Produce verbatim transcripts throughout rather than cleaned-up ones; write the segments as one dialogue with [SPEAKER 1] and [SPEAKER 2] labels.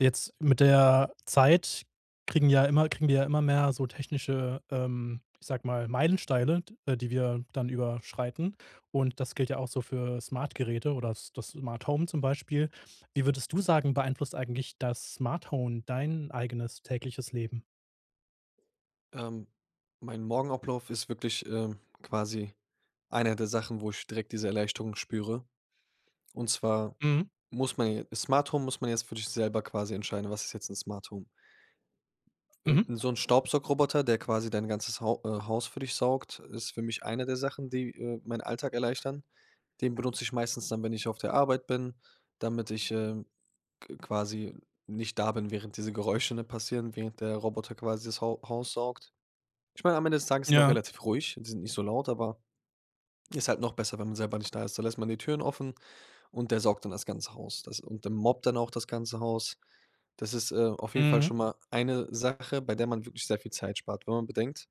[SPEAKER 1] Jetzt mit der Zeit kriegen ja immer kriegen wir ja immer mehr so technische, ähm ich sage mal, Meilensteine, d äh, die wir dann überschreiten. Und das gilt ja auch so für Smartgeräte oder das das Smarthome zum Beispiel. Wie würdest du sagen, beeinflusst eigentlich das Smarthone dein eigenes tägliches Leben?
[SPEAKER 2] Ähm, mein Morgenablauf ist wirklich, ähm, quasi einer der Sachen, wo ich direkt diese Erleichterung spüre. Und zwar
[SPEAKER 1] Mhm.
[SPEAKER 2] muss man j Smarthome muss man jetzt für sich selber quasi entscheiden, was ist jetzt 'n Smarthome?
[SPEAKER 1] Mhm.
[SPEAKER 2] So 'n Staubsaugroboter, der quasi dein ganzes Hau äh, Haus für dich saugt, ist für mich einer der Sachen, die, äh, meinen Alltag erleichtern. Den benutze ich meistens dann, wenn ich auf der Arbeit bin, damit ich, äh, q quasi nicht da bin, während diese Geräusche, ne, passieren, während der Roboter quasi das Hau Haus saugt. Ich meine, am Ende des Tages sind auch
[SPEAKER 1] Ja.
[SPEAKER 2] relativ ruhig. Die sind nicht so laut, aber ist halt noch besser, wenn man selber nicht da ist. Da lässt man die Türen offen und der saugt dann das ganze Haus. Das und dann mobbt dann auch das ganze Haus. Das ist, äh, auf jeden Fall
[SPEAKER 1] Mhm.
[SPEAKER 2] schon mal eine Sache, bei der man wirklich sehr viel Zeit spart, wenn man bedenkt,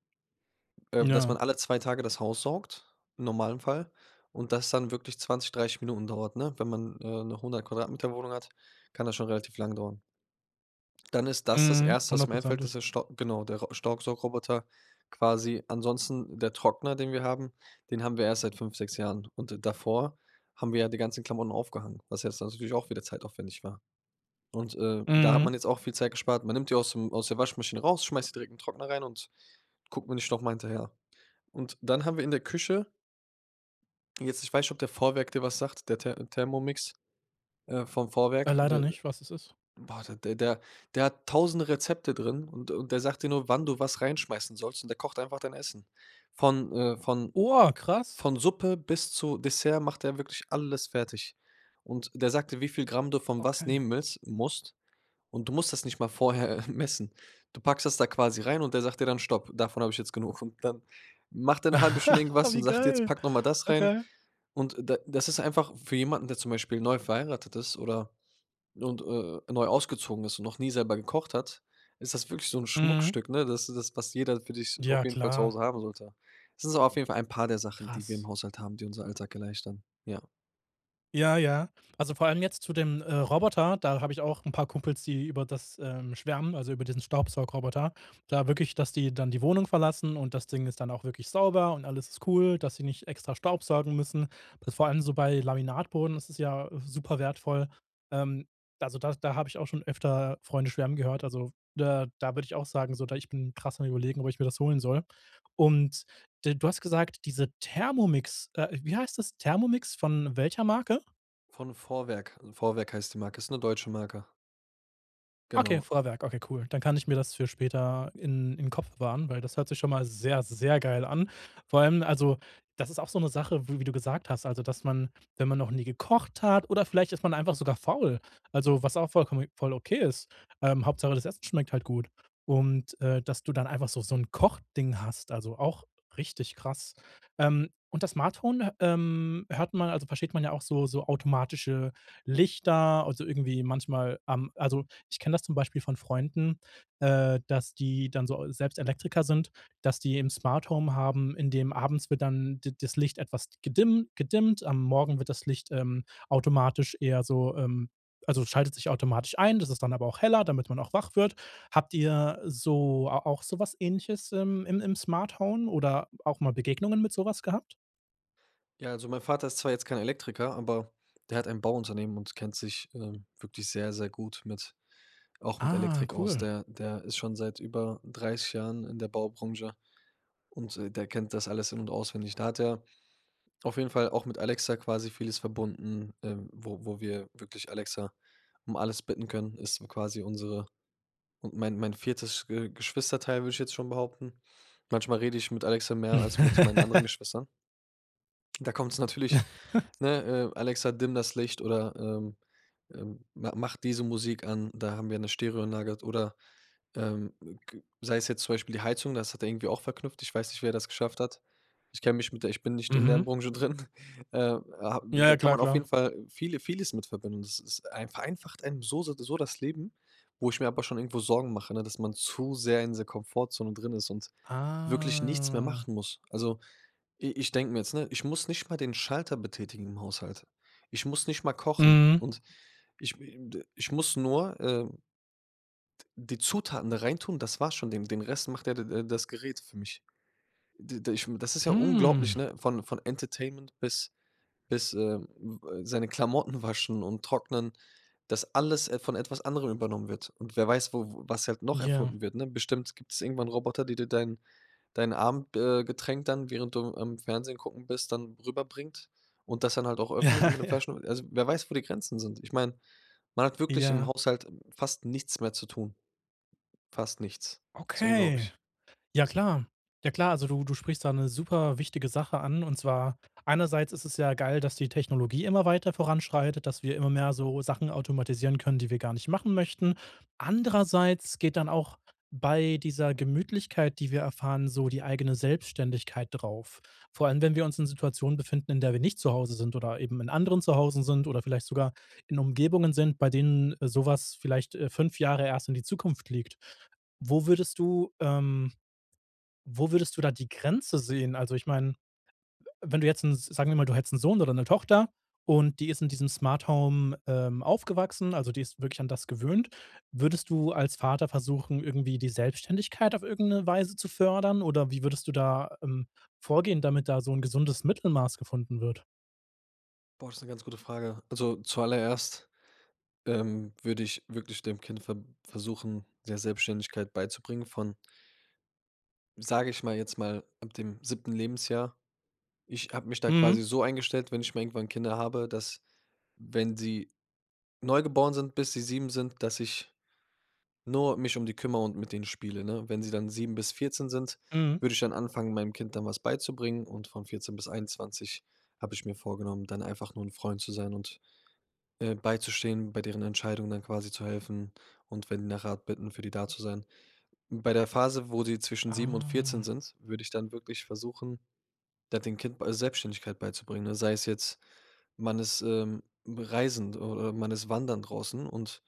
[SPEAKER 2] ähm, dass man
[SPEAKER 1] Ja.
[SPEAKER 2] alle zwei Tage das Haus saugt im normalen Fall und das dann wirklich zwanzig, dreißig Minuten dauert, ne? Wenn man äh 'ne hundert Quadratmeter-Wohnung hat, kann das schon relativ lang dauern. Dann ist das das
[SPEAKER 1] Mhm,
[SPEAKER 2] Erste, was mir einfällt ist
[SPEAKER 1] hundertprozentig.
[SPEAKER 2] der Stau, genau, der Staubsaugroboter quasi. Ansonsten der Trockner, den wir haben. Den haben wir erst seit fünf, sechs Jahren. Und davor haben wir ja die ganzen Klamotten aufgehangen, was jetzt natürlich auch wieder zeitaufwendig war. Und, äh, da hat
[SPEAKER 1] Mhm.
[SPEAKER 2] man jetzt auch viel Zeit gespart. Man nimmt die aus dem aus der Waschmaschine raus, schmeißt die direkt in Trockner rein und guckt man nicht nochmal hinterher. Und dann haben wir in der Küche Jetzt ich weiß nicht, ob der Vorwerk dir was sagt, der Ther Thermomix, äh, vom Vorwerk,
[SPEAKER 1] Leider
[SPEAKER 2] der
[SPEAKER 1] nicht, was ist es?
[SPEAKER 2] boah, d der der hat tausend Rezepte drin und und der sagt dir nur, wann du was reinschmeißen sollst und der kocht einfach dein Essen. Von äh, von
[SPEAKER 1] Oha, krass.
[SPEAKER 2] von Suppe bis zu Dessert macht er wirklich alles fertig. Und der sagt dir, wie viel Gramm du von was
[SPEAKER 1] Okay.
[SPEAKER 2] nehmen willst musst und du musst das nicht mal vorher messen. Du packst das da quasi rein und der sagt dir dann: „Stopp, davon hab ich jetzt genug.“ Und dann macht er 'ne halbe Stunde irgendwas und
[SPEAKER 1] Wie
[SPEAKER 2] sagt: „Jetzt
[SPEAKER 1] geil.
[SPEAKER 2] pack nochmal das rein.“
[SPEAKER 1] Okay.
[SPEAKER 2] Und d das ist einfach für jemanden, der zum Beispiel neu verheiratet ist oder und, äh, neu ausgezogen ist und noch nie selber gekocht hat, ist das wirklich so 'n
[SPEAKER 1] Mhm.
[SPEAKER 2] Schmuckstück, ne? Das ist w was jeder für sich auf
[SPEAKER 1] Ja
[SPEAKER 2] jeden Fall zu
[SPEAKER 1] klar.
[SPEAKER 2] Hause haben sollte. Das ist aber auf jeden Fall ein paar der Sachen, die wir im
[SPEAKER 1] Krass.
[SPEAKER 2] Haushalt haben, die unseren Alltag erleichtern. Ja.
[SPEAKER 1] Ja, ja. Also vor allem jetzt zu dem, äh, Roboter, da habe ich auch 'n paar Kumpels, die über das, ähm, schwärmen, also über diesen Staubsaugroboter. Da wirklich, dass die dann die Wohnung verlassen und das Ding ist dann auch wirklich sauber und alles ist cool, dass sie nicht extra staubsaugen müssen. Vor allem so bei Laminatboden, das ist ja super wertvoll. Ähm, also da da habe ich auch schon öfter Freunde schwärmen gehört, also da da würde ich auch sagen, so, da ich bin krass am Überlegen, ob ich mir das holen soll. Und d du hast gesagt: „Diese Thermomix“, äh, wie heißt das? Thermomix von welcher Marke?
[SPEAKER 2] Von Vorwerk. Vorwerk heißt die Marke. Ist 'ne deutsche Marke.
[SPEAKER 1] Okay,
[SPEAKER 2] Genau.
[SPEAKER 1] Vorwerk, okay, cool. Dann kann ich mir das für später in im Kopf bewahren, weil das hört sich schon mal sehr, sehr geil an. Vor allem also, das ist auch so 'ne Sache, w wie du gesagt hast: „Also dass man, wenn man noch nie gekocht hat“, oder vielleicht ist man einfach sogar faul. Also was auch vollkommen voll okay ist. Ähm, Hauptsache, das Essen schmeckt halt gut. Und, äh, dass du dann einfach so so 'n Kochding hast, also auch richtig krass. Ähm, und das Smart-Hone, ähm, hört man, also versteht man ja auch so so automatische Lichter, also irgendwie manchmal am also ich kenne das zum Beispiel von Freunden, äh, dass die dann so selbst Elektriker sind, dass die 'n Smart-Home haben, in dem abends wird dann d das Licht etwas gedimm gedimmt. Am Morgen wird das Licht, ähm, automatisch eher so ähm, also schaltet sich automatisch ein. Das ist dann aber auch heller, damit man auch wach wird. Habt ihr so auch so was Ähnliches im im im Smart-Hone oder auch mal Begegnungen mit so was gehabt?
[SPEAKER 2] Ja, also mein Vater ist zwar jetzt kein Elektriker, aber der hat ein Bauunternehmen und kennt sich, ähm, wirklich sehr, sehr gut mit auch mit
[SPEAKER 1] Ah.
[SPEAKER 2] Elektrik aus.
[SPEAKER 1] Cool.
[SPEAKER 2] Der der ist schon seit über dreizig Jahren in der Baubranche und, äh, der kennt das alles in und auswendig. Da hat er auf jeden Fall auch mit Alexa quasi vieles verbunden, ähm, wo wo wir wirklich Alexa um alles bitten können. Ist quasi unsere und mein mein viertes Ge Geschwisterteil, würde ich jetzt schon behaupten. Manchmal rede ich mit Alexa mehr als mit meinen anderen Geschwistern. Da kommt's natürlich, ne, ähm: „Alexa dimm das Licht.“ oder, ähm, ähm, „Ma mach diese Musik an.“ Da haben wir 'ne Stereoanlage, halt, oder, ähm, g g sei es jetzt zum Beispiel die Heizung, das hat er irgendwie auch verknüpft. Ich weiß nicht, wie er das geschafft hat. Ich kenne mich mit der ich bin nicht in deren
[SPEAKER 1] Mhm.
[SPEAKER 2] Branche drin. Ähm. Ha Da
[SPEAKER 1] Ja,
[SPEAKER 2] kann
[SPEAKER 1] klar,
[SPEAKER 2] man auf
[SPEAKER 1] klar.
[SPEAKER 2] jeden Fall viele vieles mit verbinden. Das ist ein vereinfacht einem so se d so das Leben, wo ich mir aber schon irgendwo Sorgen mache, ne, dass man zu sehr in dieser Komfortzone drin ist und wirklich nichts mehr
[SPEAKER 1] Ah.
[SPEAKER 2] machen muss. Also i ich denke mir jetzt, ne, „ich muss nicht mal den Schalter betätigen im Haushalt. Ich muss nicht mal kochen.
[SPEAKER 1] Mhm.
[SPEAKER 2] Und ich, me m d ich muss nur, ähm, d die Zutaten da reintun, das war's schon. Den den Rest macht de der das Gerät für mich“. D d ich das ist ja unglaublich,
[SPEAKER 1] Hm.
[SPEAKER 2] ne, von von Entertainment bis bis, ähm, äh, seine Klamotten waschen und trocknen, dass alles, äh, von etwas anderem übernommen wird. Und wer weiß, wo was halt noch
[SPEAKER 1] Ja.
[SPEAKER 2] erfunden wird, ne? Bestimmt gibt's irgendwann Roboter, die dir dein dein Abend, äh, Getränk dann, während du am Fernsehen gucken bist, dann rüber bringt und das dann halt auch öffnet mit dem
[SPEAKER 1] Ja.
[SPEAKER 2] Flaschen also, wer weiß, wo die Grenzen sind? Ich meine, man hat wirklich im
[SPEAKER 1] Ja.
[SPEAKER 2] Haushalt fast nichts mehr zu tun, fast nichts. Ist
[SPEAKER 1] Okay.
[SPEAKER 2] unglaublich.
[SPEAKER 1] Ja klar. Ja klar, also du du sprichst da 'ne super wichtige Sache an und zwar einerseits ist es ja geil, dass die Technologie immer weiter voranschreitet, dass wir immer mehr so Sachen automatisieren können, die wir gar nicht machen möchten. Andererseits geht dann auch bei dieser Gemütlichkeit, die wir erfahren, so die eigene Selbstständigkeit drauf. Vor allem, wenn wir uns in Situationen befinden, in der wir nicht zu Hause sind oder eben in anderen Zuhausen sind oder vielleicht sogar in Umgebungen sind, bei denen so was vielleicht, äh, fünf Jahre erst in die Zukunft liegt. Wo würdest du, ähm wo würdest du da die Grenze sehen? Also ich meine, w wenn du jetzt 'n sagen wir mal, du hättest 'n Sohn oder 'ne Tochter und die ist in diesem Smart-Home, ähm, aufgewachsen, also die ist wirklich an das gewöhnt, würdest du als Vater versuchen, irgendwie die Selbstständigkeit auf irgendeine Weise zu fördern? Oder wie würdest du da, ähm, vorgehen, damit da so 'n gesundes Mittelmaß gefunden wird?
[SPEAKER 2] Boah, ist 'ne ganz gute Frage. Also zuallererst, ähm, würde ich wirklich dem Kind ver versuchen, mehr Selbstständigkeit beizubringen von sage ich mal jetzt mal ab dem siebten Lebensjahr. Ich habe mich da quasi
[SPEAKER 1] Mhm.
[SPEAKER 2] so eingestellt, wenn ich mal irgendwann Kinder habe, dass, wenn sie neugeboren sind, bis sie sieben sind, dass ich nur mich um die kümmere und mit denen spiele, ne? Wenn sie dann sieben bis vierzehn sind,
[SPEAKER 1] Mhm.
[SPEAKER 2] würde ich dann anfangen, meinem Kind dann was beizubringen, und von vierzehn bis einundzwanzig habe ich mir vorgenommen, dann einfach nur 'n Freund zu sein und, ähm, beizustehen, bei deren Entscheidungen dann quasi zu helfen und, wenn die nach Rat bitten, für die da zu sein. Bei der Phase, wo sie zwischen sieben und vierzehn
[SPEAKER 1] Ah.
[SPEAKER 2] sind, würde ich dann wirklich versuchen, da dem Kind bei Selbstständigkeit beizubringen, ne? Sei es jetzt, man ist, ähm, reisend oder man ist wandern draußen und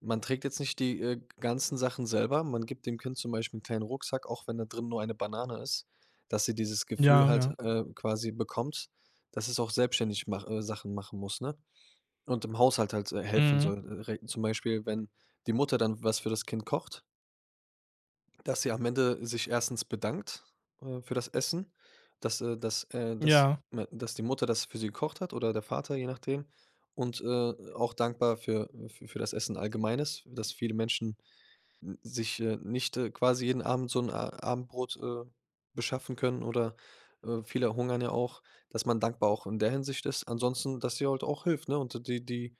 [SPEAKER 2] man trägt jetzt nicht die, äh, ganzen Sachen selber. Man gibt dem Kind zum Beispiel 'n kleinen Rucksack, auch wenn da drin nur eine Banane ist, dass sie dieses Gefühl,
[SPEAKER 1] Ja,
[SPEAKER 2] halt,
[SPEAKER 1] ja.
[SPEAKER 2] äh, quasi bekommt, dass es auch selbstständig mach äh, Sachen machen muss, ne? Und im Haushalt halt, äh, helfen
[SPEAKER 1] Mhm.
[SPEAKER 2] soll, äh, re zum Beispiel, wenn die Mutter dann was für das Kind kocht dass sie am Ende sich erstens bedankt, äh, für das Essen, das, äh das, äh das
[SPEAKER 1] Ja.
[SPEAKER 2] me das die Mutter das für sie gekocht hat oder der Vater, je nachdem. Und, äh, auch dankbar für fü für das Essen allgemein ist, dass viele Menschen n sich äh, nicht quasi jeden Abend so 'n, äh, Abendbrot, äh, beschaffen können oder, äh, viele hungern ja auch, dass man dankbar auch in der Hinsicht ist. Ansonsten, dass sie halt auch hilft, ne, und die die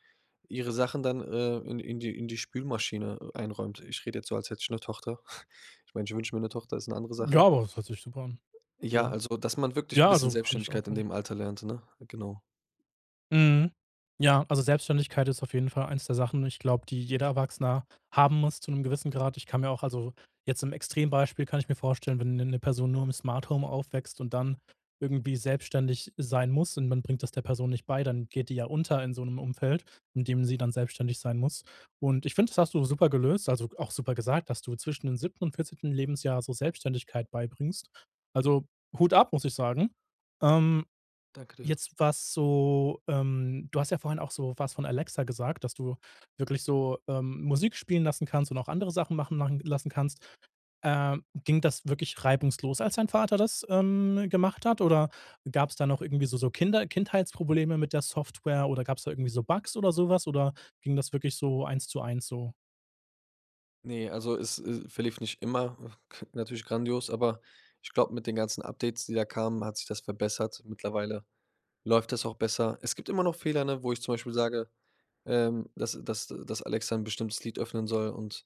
[SPEAKER 2] ihre Sachen dann, ähm, in in die in die Spülmaschine, äh, einräumt. Ich rede jetzt so, als hätte ich 'ne Tochter. Ich meine, ich wünsche mir 'ne Tochter, ist eine andere
[SPEAKER 1] Ja,
[SPEAKER 2] Sache.
[SPEAKER 1] aber das hört sich super an.
[SPEAKER 2] Ja,
[SPEAKER 1] Ja.
[SPEAKER 2] also dass man wirklich 'n
[SPEAKER 1] Ja,
[SPEAKER 2] bisschen
[SPEAKER 1] also kann ich auch,
[SPEAKER 2] Selbstständigkeit in
[SPEAKER 1] mhm
[SPEAKER 2] dem Alter lernt, ne? Genau.
[SPEAKER 1] Mhm. Ja, also Selbstständigkeit ist auf jeden Fall eins der Sachen und ich glaube, die jeder Erwachsene haben muss zu 'nem gewissen Grad. Ich kann mir auch also jetzt im Extrembeispiel kann ich mir vorstellen, wenn 'ne 'ne Person nur im Smart-Home aufwächst und dann irgendwie selbstständig sein muss und man bringt das der Person nicht bei, dann geht die ja unter in so 'nem Umfeld, in dem sie dann selbstständig sein muss. Und ich finde, das hast du super gelöst also auch super gesagt, dass du zwischen dem siebten und vierzehnten Lebensjahr so Selbstständigkeit beibringst. Also, Hut ab, muss ich sagen. Ähm,
[SPEAKER 2] Danke dir.
[SPEAKER 1] jetzt was so, ähm du hast ja vorhin auch so was von Alexa gesagt, dass du wirklich so, ähm, Musik spielen lassen kannst und auch andere Sachen machen machen lassen kannst. Ähm, ging das wirklich reibungslos, als dein Vater das, ähm, gemacht hat? Oder gab's da noch irgendwie so so Kinder Kindheitsprobleme mit der Software? Oder gab's da irgendwie so Bugs oder so was? Oder ging das wirklich so eins zu eins so?
[SPEAKER 2] Ne, also es es verlief nicht immer, ah, natürlich grandios, aber ich glaube, mit den ganzen Updates, die da kamen, hat sich das verbessert. Mittlerweile läuft das auch besser. Es gibt immer noch Fehler, ne, wo ich zum Beispiel sage, ähm, dass dass dass Alexa 'n bestimmtes Lied öffnen soll und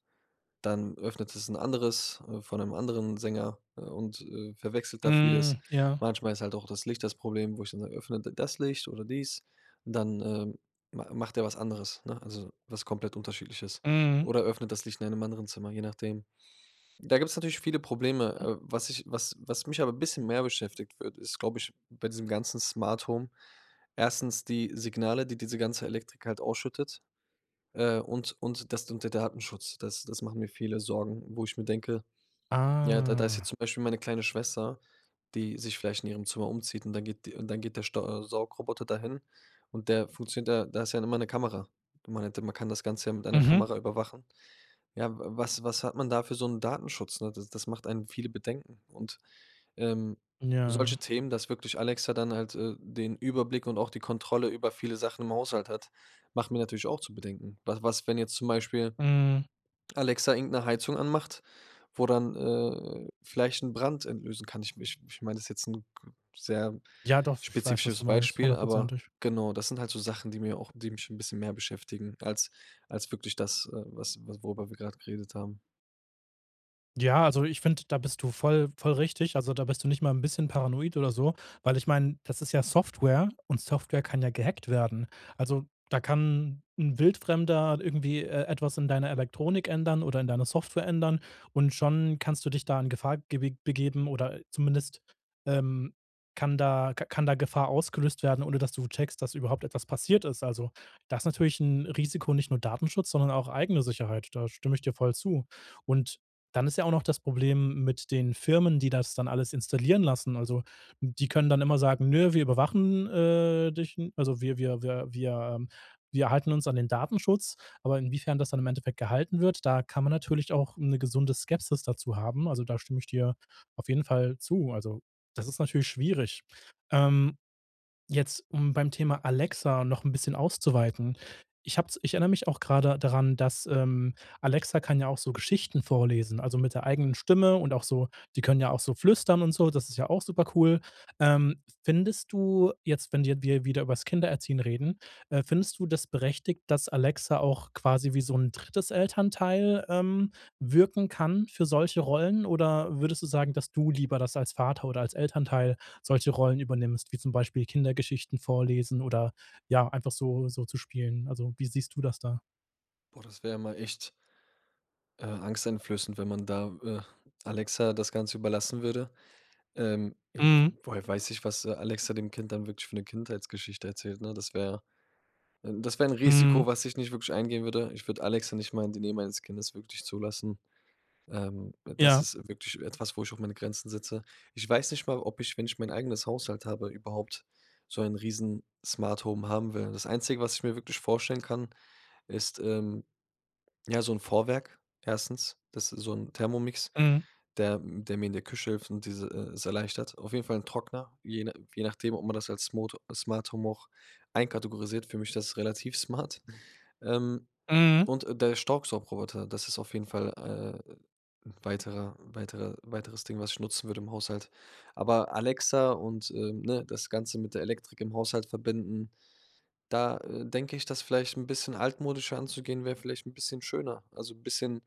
[SPEAKER 2] dann öffnet es 'n anderes, äh, von 'nem anderen Sänger und, äh, verwechselt da vieles.
[SPEAKER 1] Mhm ja.
[SPEAKER 2] Manchmal ist halt auch das Licht das Problem, wo ich dann sage: „Öffne d das Licht oder dies.“ Und dann, ähm, m macht der was anderes, ne, also was komplett Unterschiedliches
[SPEAKER 1] Mhm.
[SPEAKER 2] oder öffnet das Licht in einem anderen Zimmer, je nachdem. Da gibt's natürlich viele Probleme.
[SPEAKER 1] Mhm.
[SPEAKER 2] Äh, was ich was was mich aber 'n bisschen mehr beschäftigt wird ist, glaube ich, bei diesem ganzen Smart-Home erstens die Signale, die diese ganze Elektrik halt ausschüttet, äh, und und das d und der Datenschutz. Das das machen mir viele Sorgen, wo ich mir denke: „Ja, da da ist
[SPEAKER 1] Ah.
[SPEAKER 2] jetzt zum Beispiel meine kleine Schwester, die sich vielleicht in ihrem Zimmer umzieht, und dann geht die und dann geht der Stau Saugroboter dahin.“ Und der funktioniert da da ist ja immer 'ne Kamera. Man hätte man kann das Ganze ja mit einer
[SPEAKER 1] Mhm.
[SPEAKER 2] Kamera überwachen. Ja, wa was was hat man da für so 'n Datenschutz, ne? D das macht einen viele Bedenken. Und, ähm, solche
[SPEAKER 1] Ja.
[SPEAKER 2] Themen, dass wirklich Alexa dann halt, äh, den Überblick und auch die Kontrolle über viele Sachen im Haushalt hat, macht mir natürlich auch zu bedenken. W was, wenn jetzt zum Beispiel
[SPEAKER 1] Mhm.
[SPEAKER 2] Alexa irgend 'ne Heizung anmacht, wo dann, äh, vielleicht 'n Brand entlösen kann? Ich m ich ich meine das ist jetzt 'n g sehr
[SPEAKER 1] Ja, doch, ich weiß, was du
[SPEAKER 2] spezifisches
[SPEAKER 1] meinst,
[SPEAKER 2] Beispiel, aber
[SPEAKER 1] hundertprozentig.
[SPEAKER 2] genau, das sind halt so Sachen, die mir auch die mich 'n bisschen mehr beschäftigen als als wirklich das, äh, was was worüber wir grad geredet haben.
[SPEAKER 1] Ja, also ich finde, da bist du voll voll richtig. Also da bist du nicht mal 'n bisschen paranoid oder so, weil ich meine, das ist ja Software und Software kann ja gehackt werden. Also da kann 'n Wildfremder irgendwie, äh, etwas in deiner Elektronik ändern oder in deiner Software ändern und schon kannst du dich da in Gefahr ge begeben oder zumindest, ähm, kann da k kann da Gefahr ausgelöst werden, ohne dass du checkst, dass überhaupt etwas passiert ist. Also, das ist natürlich 'n Risiko, nicht nur Datenschutz, sondern auch eigene Sicherheit, da stimme ich dir voll zu. Und dann ist ja auch noch das Problem mit den Firmen, die das dann alles installieren lassen. Also die können dann immer sagen: „Nö, wir überwachen, äh, dich. Also wir wir wir wir wir halten uns an den Datenschutz.“ Aber inwiefern das dann im Endeffekt gehalten wird, da kann man natürlich auch 'ne gesunde Skepsis dazu haben. Also, da stimme ich dir auf jeden Fall zu. Also, das ist natürlich schwierig. Ähm, jetzt, um beim Thema Alexa noch 'n bisschen auszuweiten. Ich habe es ich erinnere mich auch grade daran, dass, ähm, Alexa kann ja auch so Geschichten vorlesen, also mit der eigenen Stimme und auch so die können ja auch so flüstern und so, das ist ja auch supercool. Ähm, findest du jetzt, wenn wir wir wieder übers Kindererziehen reden, äh, findest du das ist berechtigt, dass Alexa auch quasi wie so 'n drittes Elternteil, ähm, wirken kann für solche Rollen? Oder würdest du sagen, dass du lieber das als Vater oder als Elternteil solche Rollen übernimmst, wie zum Beispiel Kindergeschichten vorlesen oder, ja, einfach so so zu spielen? Also, wie siehst du das da?
[SPEAKER 2] Boah, das wär mal echt äh, angsteinflößend, wenn man da, äh, Alexa das Ganze überlassen würde. Ähm, w
[SPEAKER 1] Mhm.
[SPEAKER 2] woher weiß ich, was, äh, Alexa dem Kind dann wirklich für eine Kindheitsgeschichte erzählt, ne? Das wäre das wäre 'n Risiko,
[SPEAKER 1] Mhm.
[SPEAKER 2] was ich nicht wirklich eingehen würde. Ich würde Alexa nicht mal in die Nähe meines Kindes wirklich zulassen. Ähm, das
[SPEAKER 1] Ja.
[SPEAKER 2] ist wirklich etwas, wo ich auch meine Grenzen setze. Ich weiß nicht mal, ob ich wenn ich mein eigenes Haushalt habe, überhaupt so ein riesen Smart-Home haben will. Das Einzige, was ich mir wirklich vorstellen kann, ist, ähm, ja, so 'n Vorwerk erstens, das ist so 'n Thermomix,
[SPEAKER 1] Mhm.
[SPEAKER 2] der der mir in der Küche hilft und dieses e erleichtert. Auf jeden Fall 'n Trockner, je je nachdem, ob man das als Smot Smart-Home auch einkategorisiert. Für mich ist das relativ smart. Ähm,
[SPEAKER 1] Mhm.
[SPEAKER 2] und der Staubsaugerroboter, das ist auf jeden Fall, äh, 'n weiterer weiterer weiteres Ding, was ich nutzen würde im Haushalt. Aber Alexa und, äh, ne, das Ganze mit der Elektrik im Haushalt verbinden, da, äh, denke ich, dass vielleicht 'n bisschen altmodischer anzugehen wäre vielleicht 'n bisschen schöner. Also, 'n bisschen,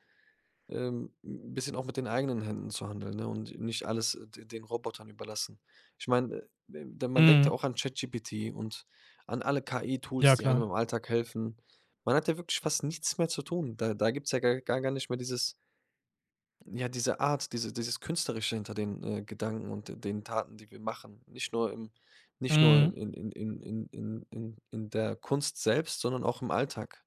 [SPEAKER 2] ähm, 'n bisschen auch mit den eigenen Händen zu handeln, ne, und nicht alles d den Robotern überlassen. Ich meine, äh, ja, man denkt ja
[SPEAKER 1] Mhm.
[SPEAKER 2] auch an ChatGPT und an alle KI-Tools,
[SPEAKER 1] Ja
[SPEAKER 2] die einem
[SPEAKER 1] klar.
[SPEAKER 2] im Alltag helfen. Man hat ja wirklich fast nichts mehr zu tun. Da da gibt's ja gar gar nicht mehr dieses ja, diese Art, diese dieses Künstlerische hinter den, äh, Gedanken und de den Taten, die wir machen. Nicht nur im nicht
[SPEAKER 1] Mhm.
[SPEAKER 2] nur in in in in in in in der Kunst selbst, sondern auch im Alltag.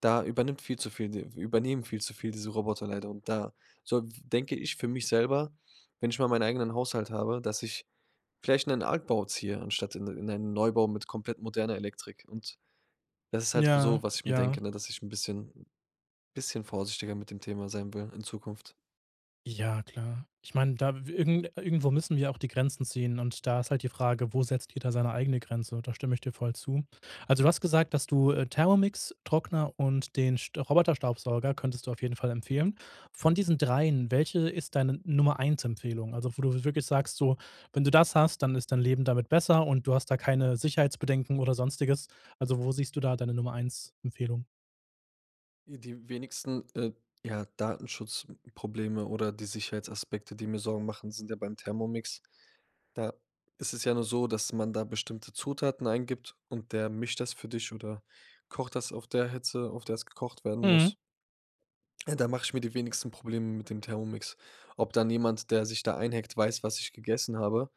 [SPEAKER 2] Da übernimmt viel zu viel d übernehmen viel zu viel diese Roboter leider. Und da so denke ich für mich selber, wenn ich mal meinen eigenen Haushalt habe, dass ich vielleicht 'nen Altbau ziehe anstatt in in einen Neubau mit komplett moderner Elektrik. Und das ist halt für
[SPEAKER 1] Ja,
[SPEAKER 2] so, was ich mir
[SPEAKER 1] ja.
[SPEAKER 2] denke, ne, dass ich 'n bisschen bisschen vorsichtiger mit dem Thema sein will in Zukunft.
[SPEAKER 1] Ja, klar. Ich meine, da w irgend irgendwo müssen wir auch die Grenzen ziehen und da ist halt die Frage, wo setzt jeder seine eigene Grenze? Und da stimme ich dir voll zu. Also, du hast gesagt, dass du, äh, Thermomix, Trockner und den St Roboterstaubsauger könntest du auf jeden Fall empfehlen. Von diesen dreien, welche ist deine Nummer eins Empfehlung? Also, wo du wirklich sagst so, wenn du das hast, dann ist dein Leben damit besser und du hast da keine Sicherheitsbedenken oder Sonstiges. Also, wo siehst du da deine Nummer eins Empfehlung?
[SPEAKER 2] Äh, die wenigsten, äh, ja, Datenschutzprobleme oder die Sicherheitsaspekte, die mir Sorgen machen, sind ja beim Thermomix. Da ist es ja nur so, dass man da bestimmte Zutaten eingibt und der mischt das für dich oder kocht das auf der Hitze, auf der es gekocht werden
[SPEAKER 1] Mhm.
[SPEAKER 2] muss. Da mache ich mir die wenigste Probleme, mit dem Thermomix. Ob dann jemand, der sich da einhackt weiß, was ich gegessen habe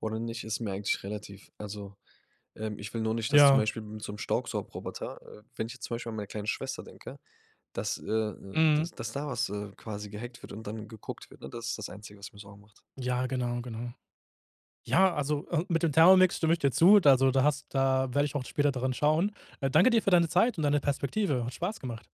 [SPEAKER 2] oder nicht, ist mir eigentlich relativ. Also, ähm, ich will nur nicht, dass zum
[SPEAKER 1] Ja.
[SPEAKER 2] Beispiel mit so 'nem Staubsaugroboter äh, wenn ich jetzt zum Beispiel an meine kleine Schwester denke, dass äh, äh,
[SPEAKER 1] Mhm.
[SPEAKER 2] dass dass da was, äh, quasi gehackt wird und dann geguckt wird, ne? Das ist das Einzige, was mir sorgen macht.
[SPEAKER 1] Ja, genau, genau. Ja, also, äh, mit dem Thermomix stimme ich dir zu. D also da hast da werde ich auch später dran schauen. Äh, danke dir für deine Zeit und deine Perspektive. Hat Spaß gemacht.